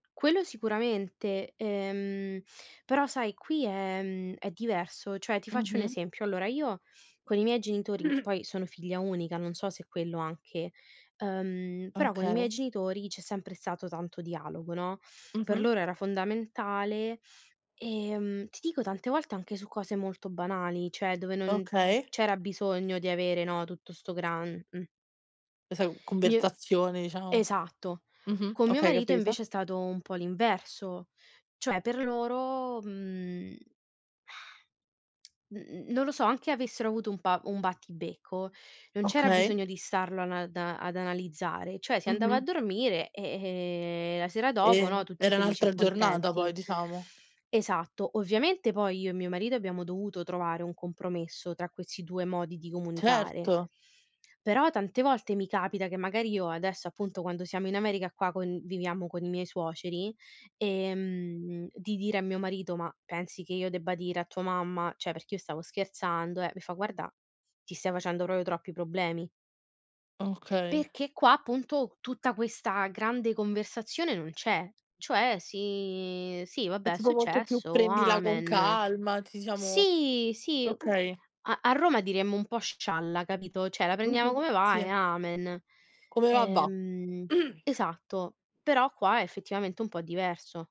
Quello sicuramente, ehm, però sai qui è mhmm, è diverso. Cioè ti faccio un Mh-mh. esempio: allora io con i miei genitori poi sono figlia unica, non so se quello anche ehm, però con i miei Okay. genitori c'è sempre stato tanto dialogo, no. Per Mh-mh. loro era fondamentale, ehm, ti dico tante volte anche su cose molto banali, cioè dove non Okay. c'era bisogno di avere, no, tutto sto gran mh. Questa Mi è conversazione, diciamo. esatto. Mh-mh. Con mio Okay, marito capita. invece è stato un po' l'inverso, cioè per loro, mhmm, n n non lo so, anche avessero avuto un pa un battibecco, non c'era Okay. bisogno di starlo ana da ad analizzare, cioè si andava a Mh-mh. dormire e, ehm, la sera dopo, E no, tutti era felici e un'altra giornata contenti. poi diciamo. Esatto. Ovviamente poi io e mio marito abbiamo dovuto trovare un compromesso tra questi 2 modi di comunicare, Certo. però tante volte mi capita che magari io adesso appunto quando siamo in America qua conviviamo con i miei suoceri, ehm, di dire a mio marito: "Ma pensi che io debba dire a tua mamma cioè perché io stavo scherzando, eh". Mi fa: "Guarda, ti stai facendo proprio troppi problemi". Okay. Perché qua appunto tutta questa grande conversazione non c'è, cioè si sì È vabbè è tipo molto più successo, "prendila con amen. calma", ci siamo Sì, sì, okay. a a Roma diremmo un po' scialla, capito, cioè la prendiamo Mh-mh. come va e Sì. amen. Come va, va. Ehm, esatto, però qua è effettivamente un po' diverso.